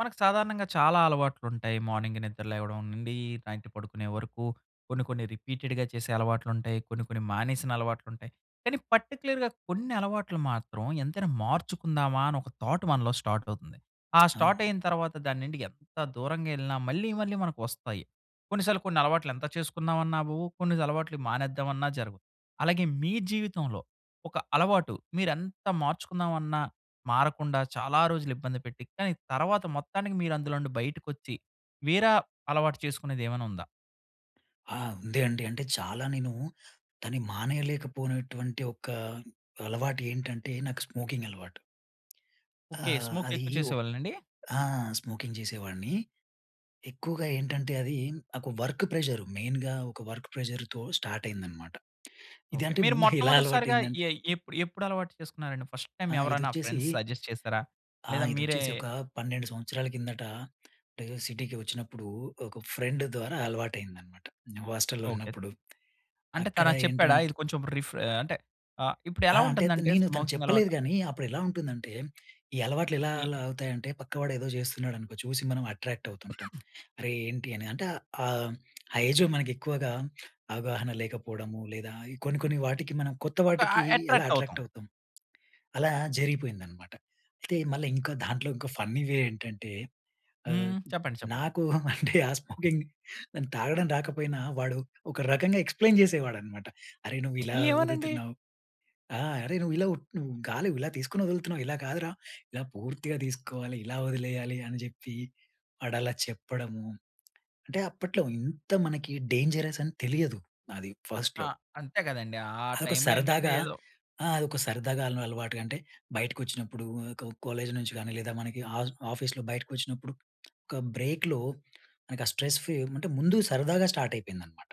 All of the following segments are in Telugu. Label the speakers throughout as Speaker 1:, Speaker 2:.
Speaker 1: మనకు సాధారణంగా చాలా అలవాట్లు ఉంటాయి. మార్నింగ్ నిద్ర లేవడం నుండి, నైట్ పడుకునే వరకు, కొన్ని, కొన్ని రిపీటెడ్‌గా చేసే అలవాట్లు ఉంటాయి, కొన్ని, కొన్ని మానేసిన అలవాట్లు ఉంటాయి. కానీ పర్టిక్యులర్‌గా కొన్ని అలవాట్లు మాత్రం ఎంతైనా మార్చుకుందామా, అని ఒక థాట్ మనలో స్టార్ట్ అవుతుంది. ఆ స్టార్ట్
Speaker 2: అవును.
Speaker 1: అయిన తరువాత దాన్ని నుండి ఎంత దూరంగా ఎళ్ళినా, మళ్ళీ, మళ్ళీ మనకు వస్తాయి. కొన్నిసార్లు కొన్ని అలవాట్లు ఎంత చేసుకుందాం అన్నా అవవు, కొన్ని అలవాట్లు మానేద్దామన్నా జరగవు. అలాగే మీ జీవితంలో ఒక అలవాటు మీరు ఎంత మార్చుకుందామన్నా మారకుండా, చాలా రోజులు ఇబ్బంది పెట్టి, కానీ తర్వాత మొత్తానికి మీరు అందులో నుండి బయటకొచ్చి, వేర అలవాటు చేసుకునేది ఏమైనా ఉందా?
Speaker 2: ఆ! ఉంది అండి, అంటే చాలా నేను దాని మానేయలేకపోయినటువంటి ఒక అలవాటు ఏంటంటే, నాకు స్మోకింగ్ అలవాటు.
Speaker 1: ఓకె,
Speaker 2: ఆహ్,
Speaker 1: స్మోక్
Speaker 2: అది
Speaker 1: ఎక్కువ
Speaker 2: వో
Speaker 1: చేసేవాళ్ళండి?
Speaker 2: ఆ! స్మోకింగ్ చేసేవాడిని. ఎక్కువగా ఏంటంటే అది నాకు వర్క్ ప్రెషర్ మెయిన్‌గా ఒక వర్క్ ప్రెషర్‌తో స్టార్ట్ అయింది అన్నమాట. ఇది
Speaker 1: ఓకె,
Speaker 2: అంటే
Speaker 1: మీరు
Speaker 2: ముందు, ఎలా అలవాటు
Speaker 1: మొట్టమొదటిసారిగా
Speaker 2: అయింది ఆంట్
Speaker 1: ఎ ఎప్పు ఎప్పుడు అలవాటు చేసుకున్నారండి ఫస్ట్ టైమ్
Speaker 2: ఆ!
Speaker 1: ఎవరైనా
Speaker 2: ఇదొచ్చేసి,
Speaker 1: ఫ్రెండ్స్ సజెస్ట్ చేసారా? లేదా
Speaker 2: ఆహ్,
Speaker 1: మీరే
Speaker 2: ఇదొచ్చేసి ఒక 12 సంవత్సరాల కిందట, అంటే సిటీకి వచ్చినప్పుడు ఒక ఫ్రెండ్ ద్వారా అలవాటయిందనమాట. నే హాస్టల్‌లో
Speaker 1: ఓకె.
Speaker 2: ఉన్నప్పుడు.
Speaker 1: అంటే
Speaker 2: అక్కడ
Speaker 1: తనలా చెప్పాడా?
Speaker 2: ఏంటంట్
Speaker 1: ఇది కొంచెం రిఫ్రె అంటే ఆహ్, ఇప్పుడు
Speaker 2: ఆ!
Speaker 1: ఎలా
Speaker 2: అంటే త్
Speaker 1: ఉంటుందంటే
Speaker 2: నేను, తను
Speaker 1: స్మోకింగ్
Speaker 2: చెప్పలేదు
Speaker 1: అలవాటు
Speaker 2: కానీ, అప్పుడు ఎలా ఉంటుందంటే, ఈ అలవాట్లు ఎలా,
Speaker 1: ఒకటి
Speaker 2: అలా అవుతాయి అంటే, పక్కవాడు ఏదో చేస్తున్నాడు అనుకో, చూసి మనం అట్రాక్ట్‌వుతుంటాం. "అరే ఏంటి" అని అంటే ఆహ్, ఆ ఏజ్‌‌‌లో మనకు ఎక్కువగా అవగాహన లేకపోవడము, లేదా కొన్ని, కొన్ని వాటికి మనం కొత్త
Speaker 1: ఒక
Speaker 2: వాటికి
Speaker 1: ఆహ్,
Speaker 2: ఎలా
Speaker 1: అట్రాక్ట్ అవుతాం.
Speaker 2: అట్రాక్ట్ అవుతాం, అలా జరిగిపోయిందన్నమాట. అయితే మళ్ళ ఇంకా దాంట్లో ఇంకా ఫన్నీ వే ఏంటంటే, ఆహ్,
Speaker 1: హ్మ్. చెప్పండి, చెప్పండి.
Speaker 2: నాకు అంటే ఆ స్మోకింగ్ దాని తాగడం రాకపోయినా, వాడు ఒక రకంగా ఎక్స్‌ప్లెయిన్ చేసేవాడన్నమాట. "అరేయ్, నువ్వు ఇలా
Speaker 1: ఏమోనండి.
Speaker 2: ఊదుతున్నావు. ఆ! అరె నువ్వు ఇలా ఊప్ నువ్వు గాలి ఇలా తీసుకొని వదులుతున్నావు. ఇలా కాదురా, ఇలా పూర్తిగా తీసుకోవాలి, ఇలా వదిలేయాలి" అని చెప్పి, వాడు అలా చెప్పడము, అంటే అప్పట్లో ఇంత మనకి డేంజరస్ అని తెలియదు నాది
Speaker 1: ఆ!
Speaker 2: ఫస్ట్‌లో.
Speaker 1: అంతే కదండీ, ఆ
Speaker 2: అదొక
Speaker 1: టైమ్‌లో ఏంటంటే
Speaker 2: సరదాగా,
Speaker 1: ఏదో
Speaker 2: ఆ! అదొక సరదాగా, అయిన అలవాటుగా అంటే, బయటకొచ్చినప్పుడు ఆహ్, ఒక కాలేజ్ నుంచి కానీ, లేదా మనకి ఆస్ ఆఫీస్‌లో బయటకొచ్చినప్పుడు, ఒక బ్రేక్‌లో మనకి స్ట్రెస్ ఫ్రీ అంటే ముందుగ సరదాగా స్టార్ట్ అయిపోయిందనమాట.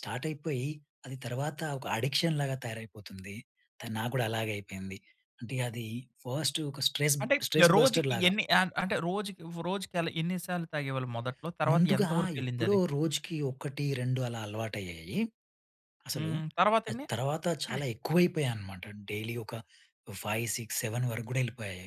Speaker 2: స్టార్ట్ అయిపోయి అది తర్వాత ఒక అడిక్షన్‌లాగా తయారైపోతుంది. తను, నాకు కూడా అలాగే అయిపోయింది. అంటే అది ఫస్ట్ ఒక స్ట్రెస్, బ్
Speaker 1: అంటే
Speaker 2: స్ట్రెస్
Speaker 1: రోజుకి
Speaker 2: బస్టర్‌లాగ.
Speaker 1: ఎన్ని అ అంటే, రోజుక్ రోజుకి అలా ఎన్నిసార్లు తాగేవాళ్ళు మొదట్లో? తరువాత
Speaker 2: ముందుగా
Speaker 1: ఎంతవరకు వెళ్ళింది
Speaker 2: ఎప్పుడో
Speaker 1: అది?
Speaker 2: రోజుకి 1, 2 అలా అలవాటు అయ్యాయి. అసలు
Speaker 1: హ్మ్. తర్వాత
Speaker 2: అది
Speaker 1: ఎన్ని?
Speaker 2: తర్వాత చాలా ఎక్కువ అయిపోయాయి అన్నమాట. డైలీ ఒక 5, 6, 7 వరకు కూడా వెళ్ళిపోయాయి.